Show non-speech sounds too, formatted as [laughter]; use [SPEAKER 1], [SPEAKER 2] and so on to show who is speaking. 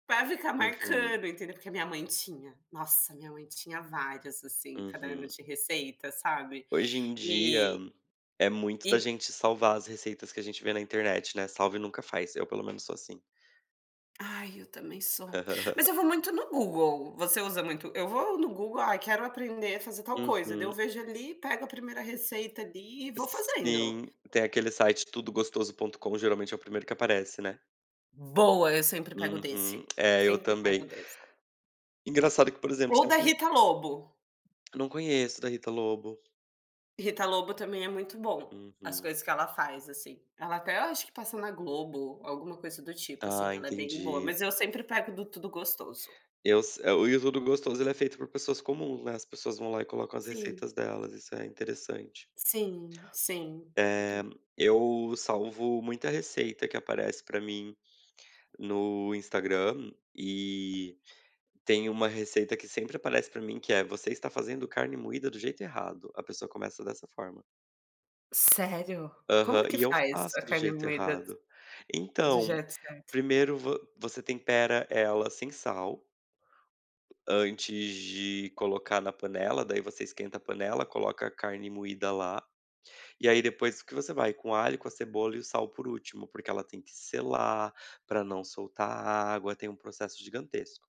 [SPEAKER 1] Pra ficar
[SPEAKER 2] Uhum.
[SPEAKER 1] marcando, entendeu? Porque a minha mãe tinha, nossa, minha mãe tinha várias, assim, cada ano
[SPEAKER 2] Uhum.
[SPEAKER 1] de receita, sabe?
[SPEAKER 2] Hoje em dia,
[SPEAKER 1] E
[SPEAKER 2] é muito da
[SPEAKER 1] E
[SPEAKER 2] gente salvar as receitas que a gente vê na internet, não é, salve e nunca faz, eu pelo menos sou assim.
[SPEAKER 1] Ai eu também sou. Mas
[SPEAKER 2] [laughs]
[SPEAKER 1] eu vou muito no Google, você usa muito eu vou no Google, aí quero aprender a fazer tal coisa, daí eu
[SPEAKER 2] Uhum.
[SPEAKER 1] vejo ali e pego a primeira receita ali e vou fazendo.
[SPEAKER 2] Sim, tem aquele site tudo gostoso ponto com geralmente é o 1º que aparece, né.
[SPEAKER 1] Boa, eu sempre pego
[SPEAKER 2] Uhum.
[SPEAKER 1] desse,
[SPEAKER 2] É, eu
[SPEAKER 1] sempre pego
[SPEAKER 2] também.
[SPEAKER 1] desse.
[SPEAKER 2] Engraçado que, por exemplo,
[SPEAKER 1] Ou
[SPEAKER 2] você me
[SPEAKER 1] da
[SPEAKER 2] per
[SPEAKER 1] Rita Lobo.
[SPEAKER 2] Não conheço da Rita Lobo.
[SPEAKER 1] Rita Lobo também é muito bom, as
[SPEAKER 2] Uhum.
[SPEAKER 1] coisas que ela faz assim, ela até acho que passa na Globo, alguma coisa do tipo assim,
[SPEAKER 2] Tá,
[SPEAKER 1] ela é bem boa,
[SPEAKER 2] entendi.
[SPEAKER 1] mas eu sempre pego do Tudo Gostoso.
[SPEAKER 2] Eu s e o Tudo Gostoso ele é feito por pessoas comuns, né, as pessoas vão lá e colocam as
[SPEAKER 1] Sim.
[SPEAKER 2] receitas delas, isso é interessante.
[SPEAKER 1] Sim, sim.
[SPEAKER 2] É, eu salvo muita receita que aparece para mim, no Instagram, e, tem uma receita que sempre aparece para mim que é, você está fazendo carne moída do jeito errado, a pessoa começa dessa forma.
[SPEAKER 1] Sério?
[SPEAKER 2] Aham,
[SPEAKER 1] Como que
[SPEAKER 2] e eu
[SPEAKER 1] faz
[SPEAKER 2] faço
[SPEAKER 1] a
[SPEAKER 2] do
[SPEAKER 1] carne
[SPEAKER 2] jeito
[SPEAKER 1] moída,
[SPEAKER 2] errado.
[SPEAKER 1] do
[SPEAKER 2] Então,
[SPEAKER 1] jeito certo?
[SPEAKER 2] 1º você tempera ela sem sal antes de colocar na panela, daí você esquenta a panela, coloca a carne moída lá, e aí depois que você vai com alho, com a cebola e o sal por último, porque ela tem que selar, para não soltar a água, tem um processo gigantesco.